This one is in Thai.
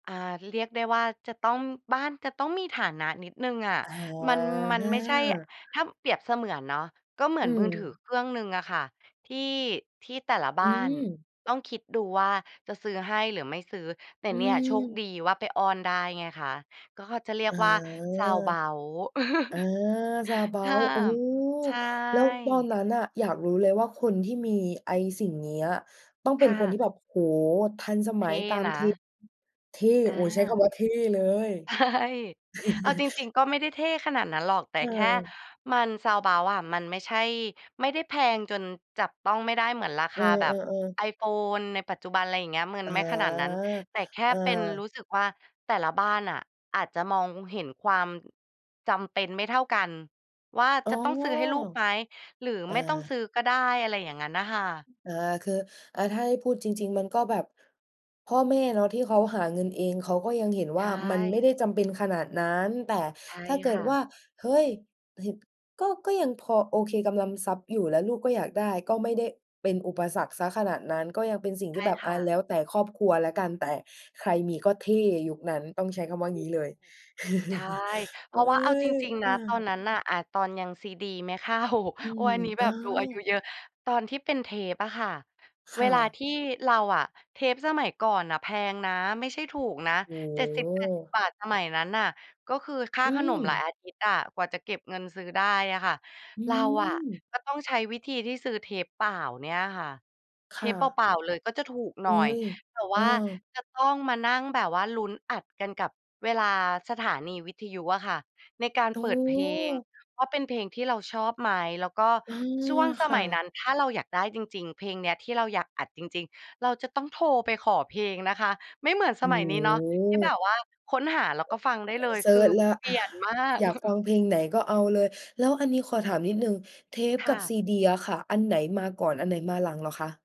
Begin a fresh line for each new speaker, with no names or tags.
อา เรียกได้ว่าจะต้อง บ้านจะต้องมีฐานะนิดหนึ่งอะ
อ
มัน มันไม่ใช่
า
ถ้าเปรียบเสมือนเนาะ ก็เหมือ
อื
นมือถือ
ม
เครื่องหนึ่งอะค่ะ ที่ ที่แต่ละบ้
อื
าน
ม
ต้องคิดดูว่าจะซื้อให้หรือไม่ซื้อ แต่
อื
เนี่ย โชคด
ม
ีว่าไปอ้อนได้ไงคะ ก็เขาจะเรีย
อ
ก
า
ว่า Soundabout
อา
ห้า
Soundabout โอ้
ม ใช
แล้วตอน
่
นั้นน่ะ อยากรู้เลยว่าคนที่มีไอ้สิ่งเนี้ย ต้องเ
ค
ป็น
่
คนท
ะ
ี่แบบ โอ้โฮ ทันส
เ
ม
ท
ัย
่
ตาม
น
เท
ะ
เท่
อ
โอ้ ใช้ค
า
ำว่าเท่เลย
ใช่ เอาจริง ๆ ก็ไม่ได้เท่ขนาดนั้นหรอก แต่แค่
เออ
มัน Soundabout อะ มันไม่ใช่ ไม่ได้แพงจนจับต้องไม่ได้เหมือนราค
เออ
าแบบ
ๆ ๆ
iPhone ในปัจจุบัน ไรอย่างเงี้ย มึ
อ
น
า
ไม่ขนาดนั้น แต่แค่
อ
เป็น
า
รู้สึกว่าแต่ละบ้านอะ อาจจะมองเห็นความ จำเป็นไม่เท่ากันว่า
อ๋
จ
อ
ะต้องซื้อให้ลูกไหมหรือ
เอ
ไม่ต้องซ
อ
ื้อก็ได้ อะไรอย่างงั้นน่ะค่ะ
อา คือ อะ ถ้าให้พูดจริง ๆ มันก็แบบ พ่อแม่เนาะที่เขาหาเงินเอง เขาก็ยังเห็น
ใ
ว
ช
่ามันไม่ได
่
้จำเป็นขนาดนั้น แต่
ใช่
ถ้าเก
ค
ิด
่
ว
ะ
่า เฮ้ย เหตุ ก็ ก็ยังพอโอเคกำลัง ทรัพย์อยู่ แล้วลูกก็อยากได้ ก็ไม่ได้เป็นอุปสรรคเสียขนาดนั้น ก็ยังเป็นสิ่ง
ใช
ที
่
่แบบ
ค
อ
่
ะ แ
ะ
ล้วแต่ครอบครัวแล้วกัน แต่ใครมีก็เท่ยุคนั้น ต้องใช้คำ
ถ
ว่า
ู
งี้เลย
ก ใช่ เพ
เฮ
รา
้
ะว่าเอาจ
ย
ริง ๆ น
อ
ะ ตอน
า
นั้นน่ะ อะ ตอนยัง CD ไม่เข้า
อื
โอ๊ย
ม
อันนี้
เ
แ
อ
บ
อ
บดูอายุเยอะ ตอนที่เป็นเทปอะค่ะ
ค
เว
่
ลา
ะ
ที่เราอะ เทปสมัยก่อนน่ะแพงนะ ไม่ใช่ถูกนะ
โอ้
เจ็ดสิ
โ
บแปดสิบ
ฮ
บาท สมัยนั้นน่ะ ก็คือค่า
อื
ขนมหลาย
ม
อาทิตย์อะ กว่าจะเก็บเงินซื้อได้อะค่ะ
อื
เราอะ
ม
ก็ต้องใช้วิธีที่ซื้อเทปเปล่าเนี่ยค่ะ เ
ค
ท
่
ปเ
ะ
ปล่า ๆ เลยก็จะถูกห
เ
น
ฮ
่
้
อย
ย
แต่ว
เอ
่
อ
าจะต้องมานั่งแบบว่าลุ้นอัดกันกับเวลาสถานีวิทยุอะค่ะ ในการ
โอ้
เปิ
โ
ดเพลง
ฮ
ว่าเป็นเพลงที่เราชอบไหม แล้วก็
เออ
ช่วง ส
ค
ม
่
ัยนั
ะ
้น ถ้าเราอยากได้จริง ๆ เพลงเนี้ยที่เราอยากอัดจริง ๆ เราจะต้องโทรไปขอเพลงนะคะ ไม่เหมือนส
โอ้
มัยนี้เนาะ ที่แบ
โฮ
บว่าค้นหาแล้ว
อ
ก็ฟังได้เลย
เซ
ค
ิ
ือ
ร์ชแล้ว
เป
อ
ลี
า
่ยนมาก
อยากฟังเพลงไหนก็เอาเลย แล้วอันนี้ขอถามนิดหนึ่ง เทป
ค
ก
่
ับ
ะ
CD อะค่ะ อันไหนมาก่อน อันไหนมาหลังเหรอคะ?